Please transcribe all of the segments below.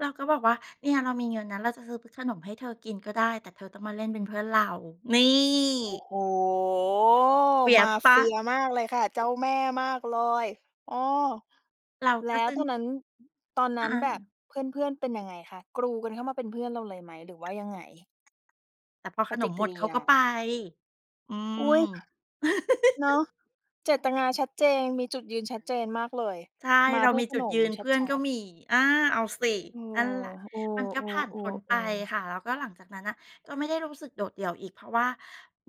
เราก็บอกว่า "เนี่ยเรามีเงินนะ เราจะซื้อเป็นขนมให้เธอกินก็ได้ แต่เธอต้องมาเล่นเป็นเพื่อนเรา" นีโอ้ ่ โฮ fierce มาเปลเ่ฟา? ียมากเลยค่ะ เจ้าแม่มากเลย อ้อ เราแกล็ ้ซวึ่ง ตอนนั้น ตอนนอ ั้นแบบอา เพื่อน ๆ เป็นยังไงคะ กรูกันเข้ามาเป็นเพื่อนเราเลยไหม หรือว่ายังไง? แต่พอปขนฏิมกหมิด ริเขายก็ไป า อือุ๊ย ม เนาะ เจตนาชัดเจน มีจุดยืนชัดเจนมากเลย ใช่ มาเราเพื่มอีขจุนดยมืน ชเพื่อนัก็ด ๆ มี อา เอาสิ เออ นั่นแหละ เอมันก็ผ่านพ้นอ ไปๆ ๆ ๆ ค่ะ แล้วก็หลังจากนั้นน่ะก็ไม่ได้รู้สึกโดดเดี่ยวอีก เพราะว่า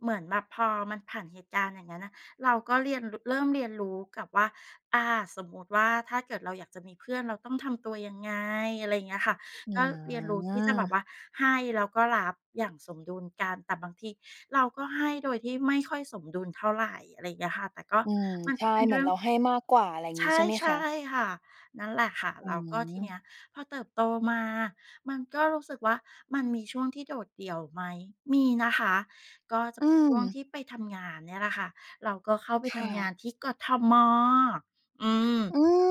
เหมือนแบบพอมันผ่านเหตุการณ์อย่างนั้นน่ะ เราก็เรียน ร เริ่มเรียนรู้กับว่า อา สมมติว่าถ้าเกิดเราอยากจะมีเพื่อนเราต้องทำตัวยังไง อะไรอย่างเงี้ยค่ะ อืก็เรียนรู้ที่จะแบบม ว่าให้แล้วก็รับอย่างสมดุลกัน แต่บางทีเราก็ให้โดยที่ไม่ค่อยสมดุลเท่าไร อะไรอย่างเงี้ยค่ะ แต่ก็ อืม มันใชเป่ ็นเหมเืรอืน่อเรง าให้มากกว่า อะไรใงชี้ ใ่ ช่ไหมใช่คะ? ค่ะ นั่นแหละค่ะ อืแล้วก็ทีเนีม ้ยพอเติบโตมามันก็รู้สึกว่ามันมีช่วงที่โดดเดี่ยวไหม มีนะคะ ก็จะอืเป็นช่วงทม ี่ไปทำงานเนี่ยแหละค่ะ เราก็เข้าไปคท่ำงะ านที่ กทม. อือม ืม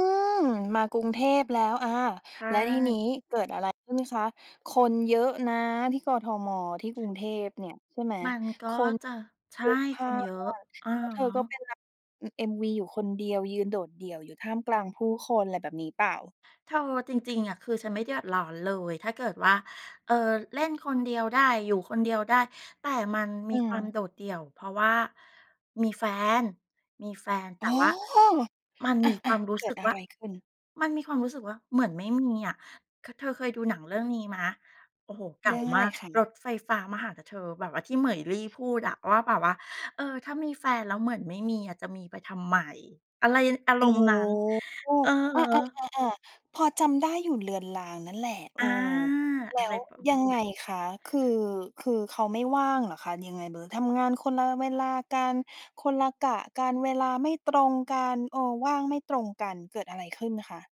มากรุงเทพแล้ว อา ใชแล้วทีนี้่ เกิดอะไรขึ้นคะ คนเยอะนะที่ กทม. ที่กรุงเทพเนี่ย ใช่ไหม มันก็คนจะ ใชพ่ ลุกพคล่านเยน อะ อะแล้วเธอฮะ ก็เป็นรับ อือ MV อยู่คนเดียว ยืนโดดเดี่ยวอยู่ท่ามกลางผู้คน อะไรแบบนี้เปล่า? เธอจริง ๆ อะ คือฉันไม่เดือดร้อนเลย ถ้าเกิดว่า เอ่อ เล่นคนเดียวได้ อยู่คนเดียวได้ แต่มันมอีืความม โดดเดี่ยว เพราะว่ามีแฟน มีแฟน แตอ๋่อ ว่า มันอมีคา วามรูๆ ้เกิสึดกอวะ่า ไรขึ้น? มันมีความรู้สึกว่าเหมือนไม่มีอะ ค เธอเคยดูหนังเรื่องนี้ไหม โอ้โฮ เกเ่รืา่องอะมไารก ค"ระ? ถไฟฟ้ามาหานะเธอ" แบบว่าที่เหมยลี่พูดอะว่าแบบว่า "เออ ถ้ามีแฟนแล้วเหมือนไม่มีอะ จะมีไปทำไม?" อะไร น อาอร๋อ มณ์นั้น อืออฮา ึ ๆ ๆ ๆ พอจำได้อยู่เลือนรางนั่นแหละ เอออ า แลอ้ะไรวประ ยังไงคะ คือ คือเขาไม่ว่างเหรอคะ ยังไงเบอร์ ทำงานคนละเวลากัน คนละกะกัน เวลาไม่ตรงกัน เออ ว่างไม่ตรงกัน เกิดอะไรขึ้นคะ?